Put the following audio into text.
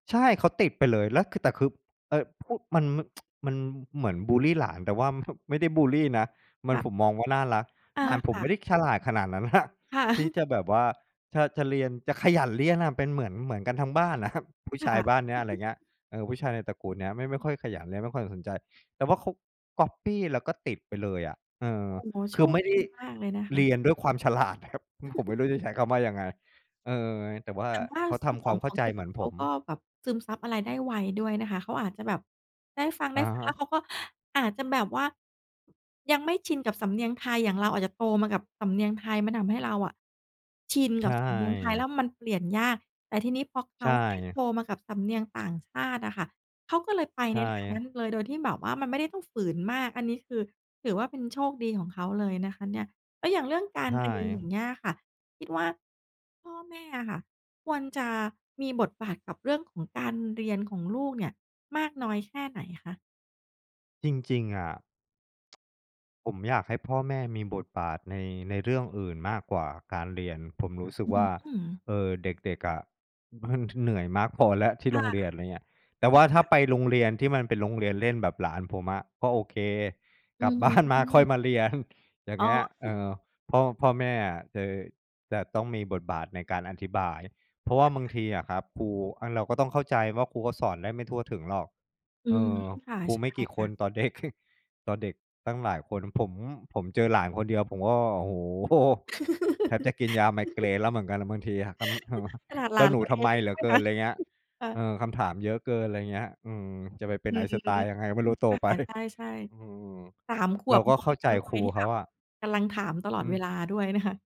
ใช่ เขาติดไปเลย แล้วคือ แต่คือ เอ่อ พูด มัน ม มันเหมือนบุลลีหลาน แต่ว่า ไม่ได้บุลลีนะ มัน ค่ะ ผมมองว่าน่ารัก อหา ลานผคม่ไม่ไะ ด้ฉลาดขนาดนั้น น่ะ ค่ะ ที่จะแบบว่าถ้าจะเรียน จะขยันเรียนน่ะเป็นเหมือน เหมือนกันทั้งบ้าน น่ะครับ ผู้คชา่ยะ บ้านเนี้ย อะไรเงี้ย เออ ผู้ชายในตระกูลเนี้ยไม่ ไม่ค่อยขยันและไม่ค่อยสนใจ แต่ว่าเขาก๊อบปี้แล้วก็ติดไปเลยอะ เออ โอ้โฮ! โคชือคไม่ไดดี้ มากเลยนะคเระ ียนด้วยความ ฉลาดน่ะครับ อือ ผมไม่รู้จะใช้คำว่ายังไง? เออ ไง แต่ว่าอย่างว่าเขาทสำคมวอางมเขข้าองใจเด็ก เหมือนเผขาม ก็แบบซึมซับอะไรได้ไวด้วยนะคะ เขาอาจจะแบบได้ฟัง ๆ อและฮ้วเะ ขาก็อาจจะแบบว่า ยังไม่ชินกับสำเนียงไทย อย่างเราอาจจะโตมากับสำเนียงไทย มันทำให้เราอะ ชินใชกับ่ สำเนียงไทยแง ล้วมันเปลี่ยนยาก แต่ทีนี้พอเขใชา่ได้ไง โตมากับสำเนียงต่างชาติอะค่ะ เขาก็เลยไปใชใน่ทาไงนัง ้นเลย โดยที่แบบว่ามันไม่ได้ต้องฝืนมาก อันนี้คือถือว่าเป็นโชคดีของเขาเลยนะคะเนี่ย แล้วอย่างเรื่องกใาชรเรียน อย่าง่ เงี้ยอะค่ะ คิดว่า พ่อแม่อะค่ะควรจะมีบทบาทกับเรื่องของการเรียนของลูกเนี่ย มากน้อยแค่ไหนคะ? จริง ๆ อะ ผมอยากให้พ่อแม่มีบทบาทใน ในเรื่องอื่นมากกว่าการเรียน ผมรู้สึกอืว่อ า ๆ หือ เออ เด็ก ๆ อะ มันเหนื่อยมากพอแล้ว ที่คโร่งเรียน อะไรเงี้ย แต่ว่าถ้าะ ไปโรงเรียนที่มันเป็นโรงเรียนเล่นแบบหลานผมอะก็โอเค อกืลับอฮบ้านมาค่อึ ยมาเรียน อย่างอ๋เอ งี้ย เออือ อ พ่อ พ่อแม่อะเจอ จะต้องมีบทบาทในการอธิบาย เพราะว่าบางทีอะครับ ครู อะ เราก็ต้องเข้าใจว่า ครูก็สอนได้ไม่ทั่วถึงหรอก อืเอม อ ค่ะ ครูใชไม่่กี่คค่นะ ต่อ เด็ก ต่อเด็กตั้งหลายคน ผม ผมเจอหลานคนเดียว ผมก็ โอ้โฮ! แทบจะกินยาไมเกรนแล้วเหมือนกันแหละบางทีอะ ทำ ทำ ม ขนาดหเจล้าานหนูตัวทเำอไมงงี้เหลดื้อวยเกินน ะ อะไรเงี้ย ค่เอะ อ คำถามเยอะเกิน อะไรเงี้ย อืม จะไปเป็อน ืม Einstein ยังไงก็ไม่รู้โต อ ไป ค่ะ ใช่ อืม ๆ 3 ขเรวาบ ก็เข้าใเปจ็นวคัรยูที่เขแบาบอะ กำลังถามตลออืดเวม ลาด้วยนะคะ